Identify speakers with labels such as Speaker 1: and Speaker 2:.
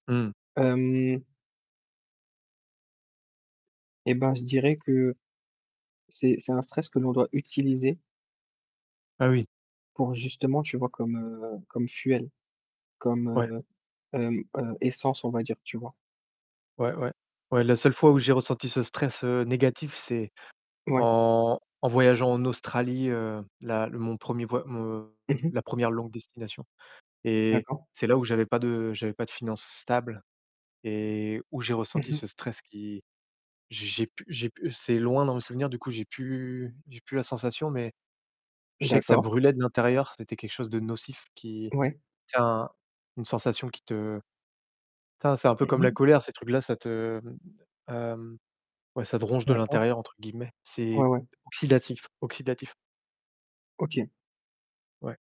Speaker 1: Mmh.
Speaker 2: Hem eh ben je dirais que, c'est c'est un stress que l'on doit utiliser
Speaker 1: Ah oui.
Speaker 2: pour justement, tu vois, comme, heu, comme fuel, comme,
Speaker 1: Ouais.
Speaker 2: heu, hem, heu, essence on va dire, tu vois?
Speaker 1: Ouais, ouais, ouais, la seule fois où j'ai ressenti ce stress, heu, négatif, c'est
Speaker 2: Ouais.
Speaker 1: en en voyageant en Australie, heu, la le mon 1er, voy mon
Speaker 2: Mmh mh.
Speaker 1: la 1re longue destination et
Speaker 2: D'accord.
Speaker 1: c'est là où j'avais pas de j'avais pas de finances stables et où j'ai
Speaker 2: Mmh
Speaker 1: ressenti
Speaker 2: mh.
Speaker 1: ce stress qui, j'ai j'ai j'ai pu j'ai pu c'est loin dans mes souvenirs, du coup, j'ai plus j'ai plus la sensation mais je sais que ça
Speaker 2: D'accord.
Speaker 1: brûlait de l'intérieur, c'était quelque chose de nocif qui,
Speaker 2: Ouais.
Speaker 1: ça une sensation qui te tin c'est un peu
Speaker 2: Mmh
Speaker 1: comme la
Speaker 2: mh.
Speaker 1: colère ces trucs-là, ça te, mmh, hem, ouais, ça te «ronge de
Speaker 2: D'accord.
Speaker 1: l'intérieur», entre guillemets. C'est
Speaker 2: Ouais, ouais.
Speaker 1: oxydatif, oxydatif.
Speaker 2: OK.
Speaker 1: Ouais.